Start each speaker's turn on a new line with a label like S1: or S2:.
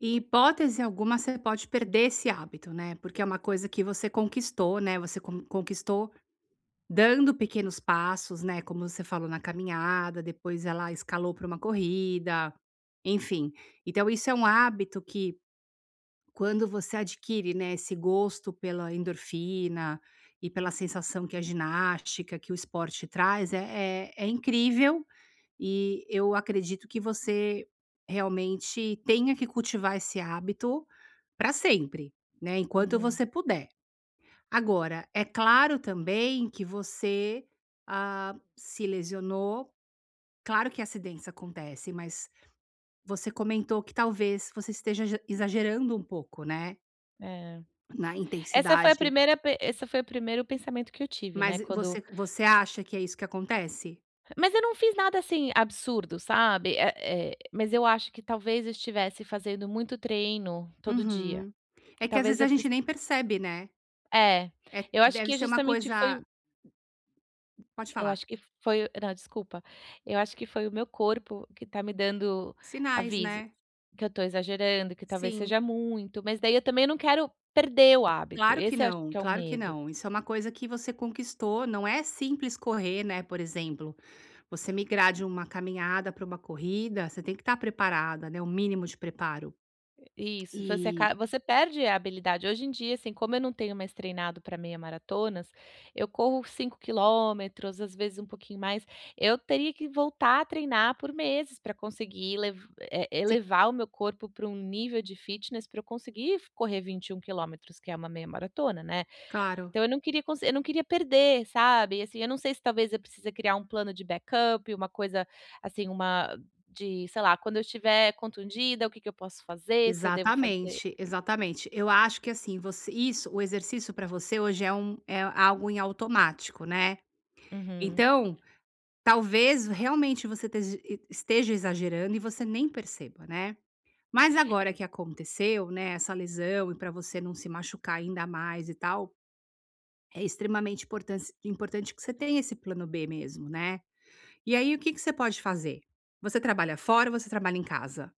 S1: Em hipótese alguma você pode perder esse hábito, né, porque é uma coisa que você conquistou, né, você con conquistou dando pequenos passos, né, como você falou na caminhada, depois ela escalou para uma corrida, enfim. Então isso é um hábito que quando você adquire, né, esse gosto pela endorfina e pela sensação que a ginástica que o esporte traz, é é é incrível e eu acredito que você realmente tenha que cultivar esse hábito pra sempre, né, enquanto
S2: Uhum.
S1: você puder. Agora, é claro também que você, ah, se lesionou claro que acidentes acontece, mas você comentou que talvez você esteja ja exagerando um pouco, né
S2: Eh.
S1: na
S2: Essa foi a
S1: intensidade
S2: primeira pen esse foi o primeiro pensamento que eu tive, né,
S1: Mas e
S2: quando
S1: você você acha que é isso que acontece?
S2: Mas eu não fiz nada, assim, absurdo, sabe. Eh eh, mas eu acho que talvez eu estivesse fazendo muito treino todo dia.
S1: Uhum, é que às
S2: Talvez
S1: vezes
S2: eu
S1: a gente
S2: precis
S1: nem percebe, né.
S2: é,
S1: É,
S2: eu acho
S1: deve
S2: que
S1: ser uma
S2: justamente foi
S1: coisa
S2: o
S1: pode
S2: eu
S1: falar.
S2: acho que foi o não, desculpa, eu acho que foi o meu corpo que tá me dando
S1: Sinais,
S2: aviso,
S1: né?
S2: que eu tô exagerando, que talvez
S1: Sim.
S2: seja muito, mas daí eu também não quero perder o hábito,
S1: Claro que
S2: esse eu acho
S1: não,
S2: que é o
S1: claro que
S2: medo.
S1: não, isso é uma coisa que você conquistou, não é simples correr, né, por exemplo, você migrar de uma caminhada para uma corrida, você tem que estar preparada né, o mínimo de preparo.
S2: Eh, isso, você
S1: Eh
S2: acaba você perde a habilidade, hoje em dia, assim como eu não tenho mais treinado para meia maratonas, eu corro 5 quilômetros, às vezes um pouquinho mais eu teria que voltar a treinar por meses para conseguir lev eh,
S1: Si
S2: elevar o meu corpo para um nível de fitness para eu conseguir f correr 21 quilômetros que é uma meia maratona, né.
S1: Claro.
S2: Então eu não queria conse eu não queria perder, sabe, assim, eu não sei se talvez eu precise criar um plano de backup, uma coisa, assim, uma de, sei lá, quando eu estiver contundida, o que que eu posso fazer, se eu devo fazer
S1: Exatamente, exatamente. Eu acho que, assim, você isso, o exercício pra você hoje é um é algo em automático, né.
S2: Uhum.
S1: Então, talvez realmente você tej e esteja exagerando e você nem perceba, né. Mas
S2: Eh.
S1: agora que aconteceu, né, essa lesão e para você não se machucar ainda mais e tal, é extremamente importance importante que você tenha esse plano b mesmo, né. E aí o que que você pode fazer? Você trabalha fora ou você trabalha em casa?